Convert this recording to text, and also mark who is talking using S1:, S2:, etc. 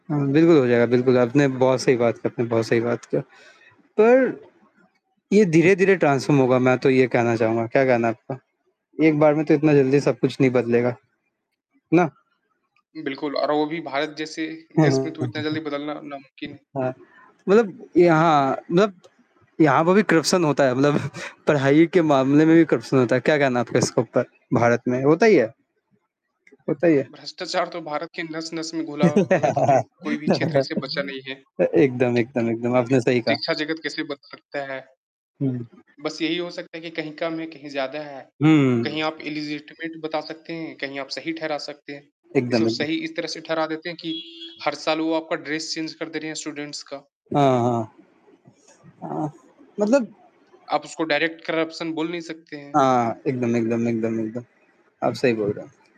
S1: हुँ, बिल्कुल हो जाएगा, बिल्कुल आपने बहुत सही बात किया आपने बहुत सही बात किया। पर, ये धीरे-धीरे ट्रांसफ़ॉर्म होगा, मैं तो ये कहना चाहूँगा, क्या कहना आपका? एक बार में तो इतना जल्दी सब कुछ नहीं बदलेगा। ना?
S2: बिल्कुल और वो भी भारत जैसे
S1: हुँ,
S2: देश में
S1: हुँ,
S2: तो इतना
S1: हुँ,
S2: जल्दी
S1: हुँ।
S2: बदलना नामुमकिन है।
S1: हाँ। मतलब यहाँ, मतलब यहाँ पर भी करप्शन होता है, मतलब पढ़ाई के मामले में भी करप्शन होता है। क्या कहना है आपका इस ऊपर? भारत में होता ही है। होता ही है।
S2: भ्रष्टाचार तो भारत के नस-नस में घुला
S1: अ,
S2: हुआ है, तो तो कोई भी क्षेत्र से बचा नहीं है।
S1: एकदम एकदम एकदम, आपने सही कहा।
S2: शिक्षा जगत कैसे बदल सकता है?
S1: हुँ।
S2: बस यही हो सकता है कि कहीं कम है, कहीं ज़्यादा है।
S1: हुँ।
S2: कहीं आप इलिजिटिमेट बता सकते हैं, कहीं आप सही ठहरा सकते हैं। इससे
S1: एकदम
S2: वो सही
S1: एकदम।
S2: इस तरह से ठहरा देते हैं कि हर साल वो आपका ड्रेस चेंज कर दे रहे हैं स्टूडेंट्स का।
S1: हाँ, हाँ। हाँ। मतलब
S2: आप उसको डायरेक्ट करप्शन बोल नहीं सकते हैं।
S1: हाँ, एकदम एकदम एकदम एकदम। आप सही बोल रहे हैं।